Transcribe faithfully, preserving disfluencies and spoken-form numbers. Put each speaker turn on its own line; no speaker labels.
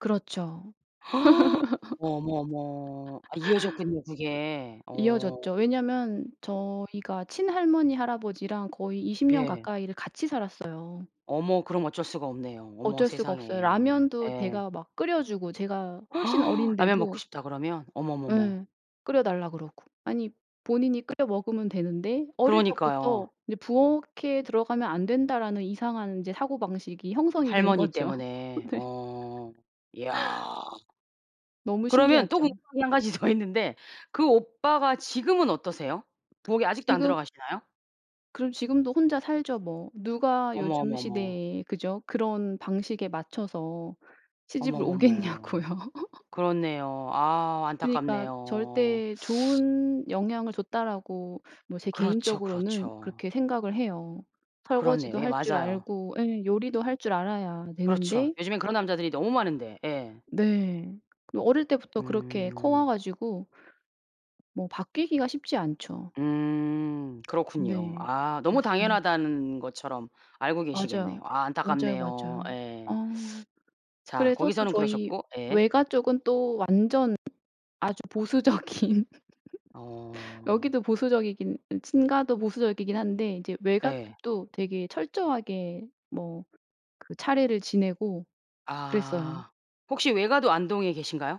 그렇죠.
어머 어머. 아 이어졌군요 그게. 어.
이어졌죠. 왜냐면 저희가 친할머니 할아버지랑 거의 이십 년
예.
가까이를 같이 살았어요.
어머 그럼 어쩔 수가 없네요. 어머
어쩔 수가 없어요.
세상에.
라면도
예.
제가 막 끓여 주고 제가 훨씬
"라면 먹고
어린데도.
싶다." 그러면. 어머머머.
네. 끓여달라 그러고. 아니 본인이 끓여 먹으면 되는데 어릴
그러니까요.
적부터 이제 '부엌에 들어가면 안 된다.'라는 이상한 사고방식이 형성이 된
할머니
거죠.
때문에.
네.
어. 야.
너무
그러면 또
신기하죠.
궁금한 게 한 가지 더 있는데 그 오빠가 지금은 어떠세요? 부엌에 아직도 안
지금
들어가시나요?
그럼 지금도 혼자 살죠 뭐. 누가
어머
요즘
어머 어머.
시대에 그죠. 그런 방식에 맞춰서 시집을 오겠냐고요.
어머머머. 그렇네요. 아
그니까
안타깝네요.
'절대 좋은 영향을 줬다.'라고 뭐 제
그렇죠,
개인적으로는
그렇죠.
그렇게 생각을 해요.
그렇네요.
설거지도
예
할 줄
맞아요.
알고 예 요리도 할 줄 알아야
그렇죠.
되는데
요즘엔 그런 남자들이 너무 많은데. 예.
네. 그 어릴 때부터 그렇게 커 와
음.
가지고 뭐 바뀌기가 쉽지 않죠.
음 그렇군요.
네.
아 너무
맞습니다.
당연하다는 것처럼 알고 계시겠네요.
맞아요.
아
맞아요,
안타깝네요.
맞아요.
예.
어.
자
그래서 또
거기서는
저희
그러셨고 예.
외가 쪽은 또 완전 아주 보수적인
어.
여기도 보수적이긴 어 친가도 보수적이긴 한데 이제 외가
예.
쪽도 되게 철저하게 뭐 그 차례를 지내고 그랬어요.
아. 혹시 외가도 안동에 계신가요?